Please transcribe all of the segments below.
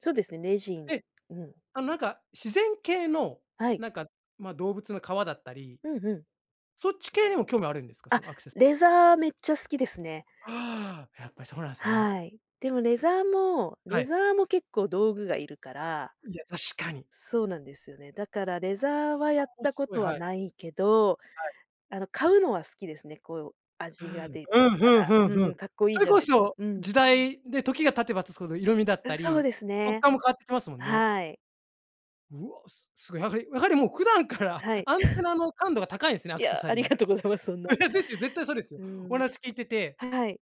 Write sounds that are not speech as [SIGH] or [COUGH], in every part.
そうですね、レジンええ、うん。あ、なんか自然系の、はい。なんか、ま、動物の革だったり。うん、ふん。そっち系にも興味あるんですか？あ、そのアクセスレザーめっちゃ好きですね。ああ、やっぱりそうなんすね。はい、でもレザーも、はレい。ザーも結構道具がいるからいや、確かに。そうなんですよね。だからレザーはあ、やっオッたシこュ、うい、とははい。ないけど、はい。あの、買うのは好きですね。こううー味がん、出るうん、かふんふらんふうん。ん、かっこいそいれじゃこないそうん。時代で、時が経てば経つほど色味だっうん、たそうり、です触ね。感も変わってきますもんね。はい。うわ、すすごい、やはりやはりもう普段から、はい。アンテ [CHUCKLES] ナの感度が高いすね、アいクセや、サあリりー。がとうございます、そんな。[LAUGHS] ですよ、絶対そうですよ。うおん、話聞いててはい。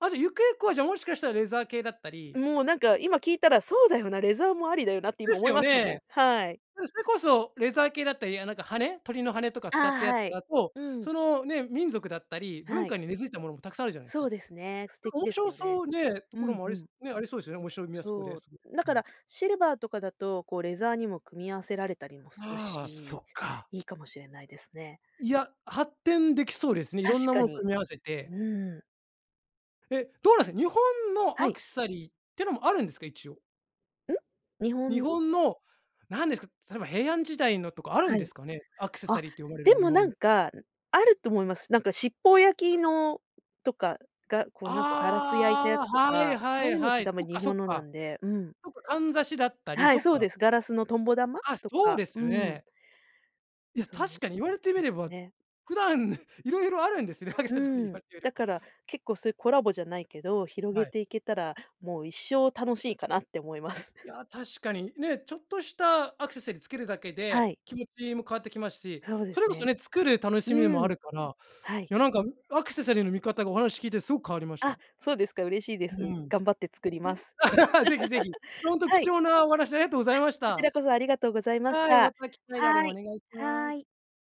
ああ、じゃ、ゆくゆくは、じゃ、もしかしたらレザー系だったりもうなんか、今聞いたらそうだよな、レザーもありだよなって、で今す思いよましたもん。ね。はい。で、それこそレザー系だったり、いや、なんか羽、鳥の羽とかあ、使ったやつはい、だと、うん。その、ね、民族だったり、文はい。化に根付いたものも、たくさんあるじゃないすそか。うですね、素なん敵か面です白よね。そうね、とうころん、もあうり、すん。ね、ありそうですよね。面白みはそこでそう、すごい。だうかん。らシルバーとかだと、こうレザーにも組み合わせられたりもするああ、そし、っか。いいかもしれないですね。いや、発展できそうですね。いろ確んなかものに、組み合わせて。うん。え、どうなんす、日本のはアい。クセサリーってのもあるんですか、一応？ん？日日本の？本の、なんですか、例えば平安時代のとか、あるはんでい。すかね。アクセサあ、リーと呼ばれるでもの、日もな本んの。か、あると思います。なんか七宝焼の、とかがこうなんかガラス焼いたやあつとあ、はい、か、はそい、ういうのっはてい。多分そっ日かそっ本のなか。んで、うん。そっか、かんざしだったり、はい、そっそうか。です。ガラスのとんぼ玉？あ、とそうか、でうすよーん。ね。いや、そう確かに言われてみでれば、ね。普段、いろいろあるんですね、アクうセサリー言ん、われてみだれば。から結構そういうコラボじゃないけど、広げはい。ていけたら、もう一生楽しいかなって思います。いや、確かに、ね、ちょっとしたアクセサリーつけるだけはで、い。気持ちも変わってきますし。そうでそすれこそね。ね、作る楽しみうもあん、るから、はい。いやなんか、アクセサリーの見方が、お話聞いてすごく変わりましあ、た。そうですか、嬉しいでうす。ん。頑張って作ります。あ、いえ、[LAUGHS] ぜひぜひ。[LAUGHS] ほんとは貴い。重なお話、ありがとうござあ、いましこちた。らこそありがとうございましはい、また。た機会があればはおい、願いしまはす。い。